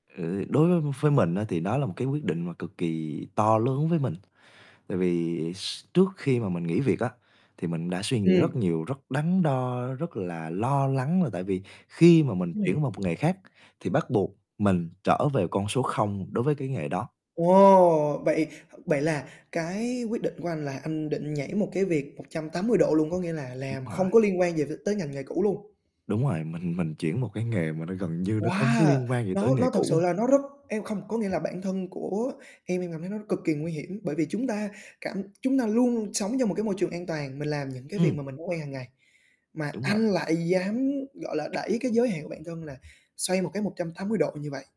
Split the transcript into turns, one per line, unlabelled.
Ừ, đối với với mình á, thì đó là một cái quyết định mà cực kỳ to lớn với mình. Tại vì s trước khi mà mình nghỉ việc á, thì mình đã suy nghĩ rất
Ừm.
nhiều, rất đắn đo, rất là lo lắng là tại vì khi mà mình
Đúng
chuyển
rồi.
vào một nghề khác, thì bắt buộc mình trở về con số 0 đối với cái nghề đó.
Ồ, vậy vậy là cái quyết định của anh là anh định nhảy một cái việc 180 độ luôn, có nghĩa là
Đúng
làm không
rồi.
có liên quan gì v tới ngành nghề cũ luôn?
Đúng rồi, mình mình chuyển một cái nghề mà nó gần như nó không có
Wow!
liên quan gì tới
Nó
nghề
nó thực sự
cũ.
là nó rất em không có nghĩa là bản thân của em, em cảm thấy nó cực kỳ nguy hiểm, bởi vì chúng ta cảm chúng ta luôn sống trong một cái môi trường an toàn, mình làm những cái việc
Ừm.
mà mình đã quen hàng ngày, mà
Đúng vậy.
anh lại dám, gọi là, đẩy cái giới hạn bản thân là xoay một cái 180 độ như vậy.